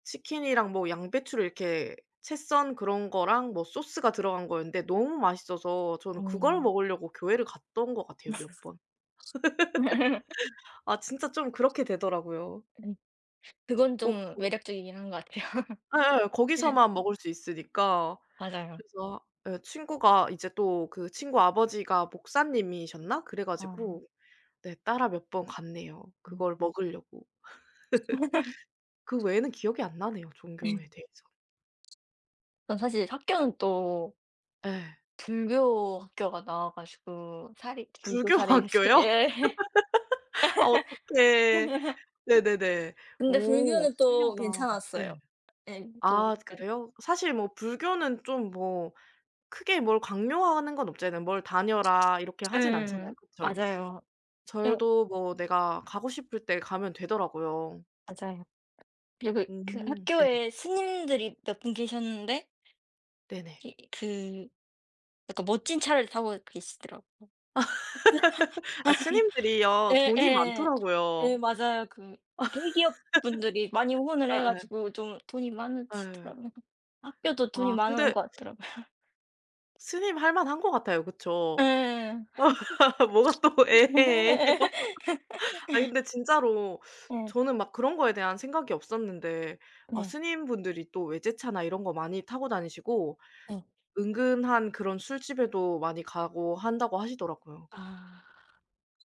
치킨이랑 뭐 양배추를 이렇게 채 썬 그런 거랑 뭐 소스가 들어간 거였는데 너무 맛있어서 저는 어. 그걸 먹으려고 교회를 갔던 것 같아요 몇 번. 네. 아 진짜 좀 그렇게 되더라고요. 예. 그건 꼭 좀 거기 매력적이긴 한 것 같아요. 예예. 네. 거기서만 먹을 수 있으니까. 맞아요. 그래서 예 친구가 이제 또 그 친구 아버지가 목사님이셨나? 그래 아 예. 가지고 네 따라 몇 번 갔네요. 음. 그걸 먹으려고. 그 외에는 기억이 안 나네요, 네. 종교에 대해서. 아 사실 학교는 또 예. 불교 학교가 나와 가지고 사립 불교 불교 사립 [unintelligible] 학교요? 예. 아 어떡해. 네네네. 근데 오 불교는 또 신기하다. 예. 괜찮았어요. 예 또 아 약간 그래요? 사실 뭐 불교는 좀 뭐 크게 뭘 강요하는 건 없잖아요. 뭘 다녀라 이렇게 하진 않잖아요. 예. 그쵸. 맞아요. 어 절도 뭐 내가 가고 싶을 때 가면 되더라고요. 맞아요. 그리고 그 음 네. 학교에 스님들이 몇 분 계셨는데 네네. 이 그 약간 멋진 차를 타고 계시더라고. 아 스님들이요. 돈이 예예. 예 많더라고요. 맞아요. 그 대기업 분들이 많이 후원을 해 예예. 가지고 좀 돈이 예. 많으시더라고요. 학교도 돈이 아 많은 근데 것 같더라고요. 스님 할만한 것 같아요 그쵸. 예예. 뭐가 또 예예, 예에요? 아니 근데 진짜로 예. 저는 막 그런 거에 대한 생각이 없었는데 어 네. 스님분들이 또 외제차나 이런 거 많이 타고 다니시고 네. 은근한 그런 술집에도 많이 가고 한다고 하시더라고요. 아.